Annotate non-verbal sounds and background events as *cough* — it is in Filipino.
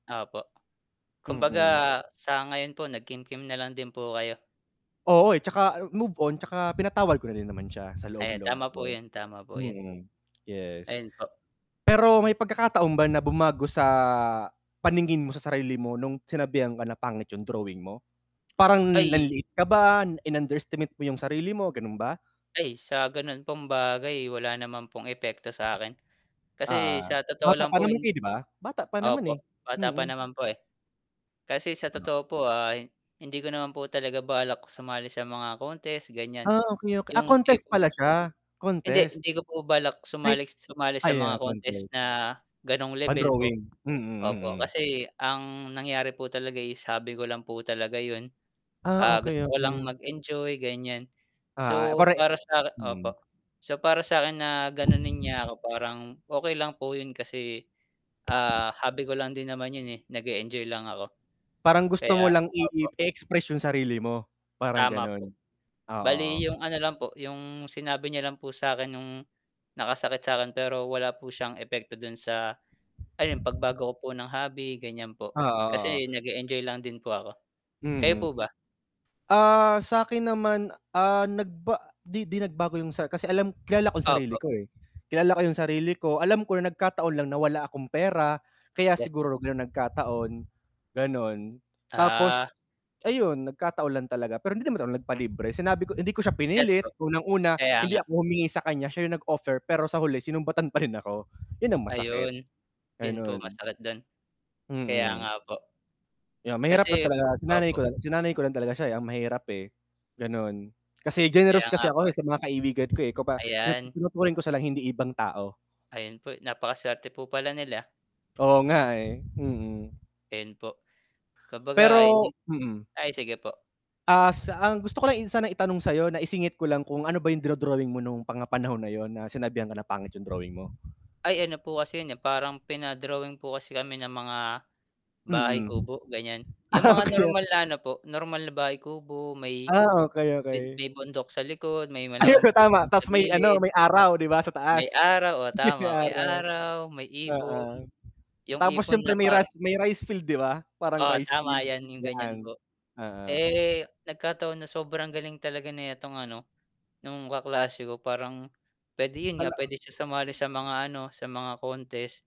Opo. Kumbaga, Mm. sa ngayon po nag-kimkim nalang din po kayo. Oo eh, 'tsaka move on, 'tsaka pinatawad ko na din naman siya sa Ayan loob-loob tama po ko. yun, tama po yun. Hmm, yes. Ayun po. Pero may pagkakataon ba na bumago sa, paningin mo sa sarili mo nung sinabihan ka na pangit yung drawing mo? Parang Ay nanliit ka ba, in-underestimate mo yung sarili mo, ganun ba? Ay sa ganun pong bagay, wala naman pong epekto sa akin. Kasi Oo. sa totoo Bata lang pa po, naman yung kayo 'di ba? Bata pa naman po, eh. bata pa Hmm. naman po eh. Kasi sa Hmm. totoo po ah, hindi ko naman po talaga balak sumali sa mga contest ganyan. Ah, okey ok ah, Yung contest tipong pala siya? hindi, Contest? hindi ko po balak Ay sumali sumali sa mga ayan contest contest. na, ganong level po, Pang-drawing? Mm, opo mm. kasi ang nangyari po talaga is, hobby ko lang po talaga yun, Ah, ah, okey gusto ko lang okey. mag-enjoy ganyan. Ah, So pare para sa 'kin hmm. opo, so para sa akin na ganonin niya ako, parang okey lang po yun kasi, ah, hobby ko lang din naman 'yon eh, nag-eenjoy lang ako. Parang gusto mo Kaya lang i i opo. i-express yung sarili mo? Parang Tama po. ganun? Bale Oo. yung ano lang po, yung sinabi niya lang po sa akin nung nakasakit sa akin, pero wala po siyang epekto dun sa, ayun pagbago ko po ng hobby ganyan po, Oo kasi oo. nag-eenjoy lang din po ako. Kayo po Hmm. ba? Ah, sa 'kin naman ah, nagba di 'di nagbago 'yong sa kasi alam kilala ko sarili Opo. ko eh. Kilala ko yung sarili ko, alam ko na nagkataon lang na wala akong pera, kaya Yes. siguro ganun nagkataon, ganon. Tapos, Ah. ayun, nagkataon lang talaga pero hindi naman ako nag-palibre, sinabi ko hindi ko siya Yes po, pinilit, unang-una, kaya hindi nga. ako humingi sakanya, siya 'yong nag-offer, pero sa huli sinumbatan pa rin ako, yun ang masakit. Ayun. Yun po Ayun. masakit dun. Kaya Hmm. nga po. Yeah, mahirap na Kasi talaga sinanay opo. ko lang sinanay ko lang talaga siya eh, ang mahirap eh, ganun. *clicks tongue* Kasi generous Kaya kasi nga po ako eh, eh. sa mga kaibigan ko eh, ko ba Ayan. tinuturing ko silang hindi ibang tao. Ayun po, napaka-swerte po pala nila. Oo nga eh, hmm. Ayun po. Kumbaga hindi Pero hmm. ay sige po. Ah, s ang gusto ko lang sana itanong sayo na isingit ko lang, kung ano ba yung dino-drawing mo, nung mga panahon na yun, na sinabihan ka na pangit yung drawing mo? Ay ano po kasi yun eh, parang pina-drawing po kasi kami ng mga, bahay Mm. kubo, ganyan. Yung Ah, mga okey normal okey. na ano po, normal na bahay kubo, may Ah, okey okey. may bundok sa likod, may Ayun malaking so puno tama dun sa ta's may ano, gilid may araw 'di ba, sa may taas? araw oo *chuckles* tama May may araw. araw, may Oo. ibon, yung Tapos ibon siyempre na may ras parang may rice field 'di ba? Parang Oo rice tama field? yan yung ganyan 'Yan, po. oo. Eh, nagkataon na sobrang galing talaga netong ano, nung kaklase ko parang, pwede yun nga Hala pwede siya sumali sa mga ano, sa mga contest.